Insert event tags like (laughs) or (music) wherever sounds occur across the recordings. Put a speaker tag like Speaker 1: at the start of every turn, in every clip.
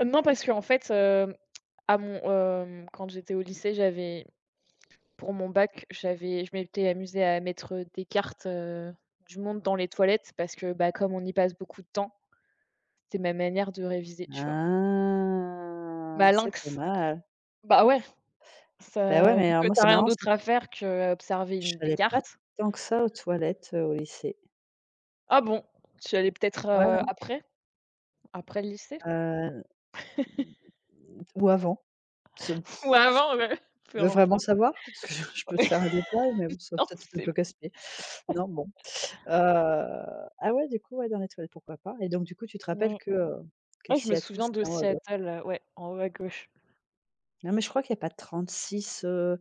Speaker 1: Heu, non parce qu'en fait, heu, à mon hem, quand j'étais au lycée, j'avais pour mon bac, j'avais je m'étais amusée à mettre, heu, des cartes, heu, du monde dans les toilettes, parce que, bah, comme on y passe beaucoup de temps, c'était ma manière de réviser, tu vois?
Speaker 2: Ah! C'est pas
Speaker 1: Malinx,
Speaker 2: mal.
Speaker 1: bah, ouais,
Speaker 2: Beh, ouais,
Speaker 1: ça
Speaker 2: mais
Speaker 1: vu
Speaker 2: alors
Speaker 1: que tu
Speaker 2: moi
Speaker 1: as
Speaker 2: c'est
Speaker 1: rien
Speaker 2: marrant, c'est
Speaker 1: d'autre à faire qu'observer une des
Speaker 2: J'allais pas
Speaker 1: cartes.
Speaker 2: tant que ça aux toilettes, heu, au lycée.
Speaker 1: Ah bon? Tu y allais peut-être,
Speaker 2: Ouais,
Speaker 1: heu,
Speaker 2: non.
Speaker 1: après après le lycée?
Speaker 2: Heu,
Speaker 1: (laughs)
Speaker 2: ou avant. Ce (sighs)
Speaker 1: Ou
Speaker 2: c
Speaker 1: avant, ouais, peu
Speaker 2: tu veux
Speaker 1: importe.
Speaker 2: vraiment savoir? Parce que (chuckles) je peux te faire
Speaker 1: (laughs)
Speaker 2: un détail, mais bon ça va
Speaker 1: Non,
Speaker 2: peut être être un
Speaker 1: c'est
Speaker 2: peu
Speaker 1: bon.
Speaker 2: casse-pied.
Speaker 1: (laughs)
Speaker 2: Non bon, heu, ah ouais, du coup, ouais, dans les toilettes, pourquoi pas? Et donc du coup, tu te rappelles
Speaker 1: Mmh.
Speaker 2: que, heu, que
Speaker 1: Ouais, je me
Speaker 2: Seattle,
Speaker 1: souviens de
Speaker 2: c'était en haut à gau
Speaker 1: Seattle, heu, ouais, en haut à gauche.
Speaker 2: Non mais je crois qu'il y a pas 36, heu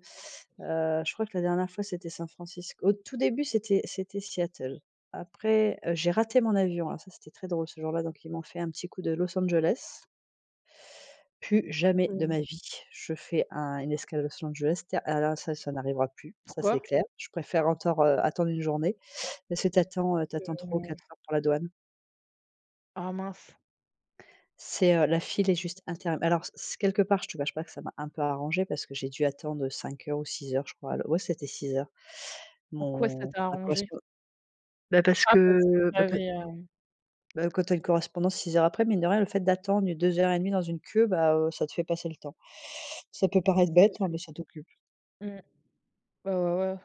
Speaker 2: heu, je crois que la dernière fois, c'était San Francisco. Au tout début c'était c'était Seattle. Après heu, j'ai raté mon avion, alors ça c'était très drôle ce jour-là donc ils m'ont fait un petit coup de Los Angeles plus jamais de
Speaker 1: Mmh.
Speaker 2: ma vie je fais un une escale Los Angeles, ta alors ça, ça n'arrivera plus, ça c'est
Speaker 1: Pourquoi?
Speaker 2: clair. Je préfère encore heu, attendre 1 journée, parce que tu attends, heu, tu attends 3 ou
Speaker 1: Que
Speaker 2: 4 heures pour la douane
Speaker 1: Ah mince!
Speaker 2: c'est, heu, la file est juste interm alors c c quelque part je te cache pas que ça m'a un peu arrangée parce que j'ai dû attendre, heu, 5 heures ou 6 heures je crois, l ouais, c'était 6 heures,
Speaker 1: En quoi ça
Speaker 2: mon
Speaker 1: t'a
Speaker 2: ma
Speaker 1: arrangée?
Speaker 2: correspond bah, parce
Speaker 1: Ah parce que
Speaker 2: que
Speaker 1: tu
Speaker 2: bah pa
Speaker 1: avais, heu
Speaker 2: bah, quand tu as une correspondance 6 heures après, mine de rien, le fait d'attendre 2 heures et demie dans une queue, bah, heu, ça te fait passer le temps. Ça peut paraître
Speaker 1: C'est
Speaker 2: bête, hein,
Speaker 1: sûr.
Speaker 2: mais ça t'occupe.
Speaker 1: Mmh. Ouais, ouais, ouais.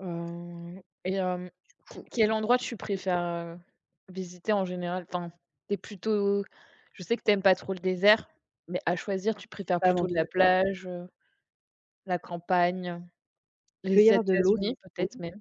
Speaker 1: Heu et hem, q
Speaker 2: Du
Speaker 1: quel endroit tu
Speaker 2: coup
Speaker 1: préfères, heu, visiter en général? Enfin, tu es plutôt je sais que tu aimes pas trop le désert, mais à choisir, tu
Speaker 2: C'est
Speaker 1: préfères
Speaker 2: pas mon
Speaker 1: plutôt de la
Speaker 2: truc, ouais.
Speaker 1: plage, heu, la campagne,
Speaker 2: Il peut y
Speaker 1: les
Speaker 2: avoir de l'eau, c'est
Speaker 1: États-Unis
Speaker 2: cool.
Speaker 1: peut-être même?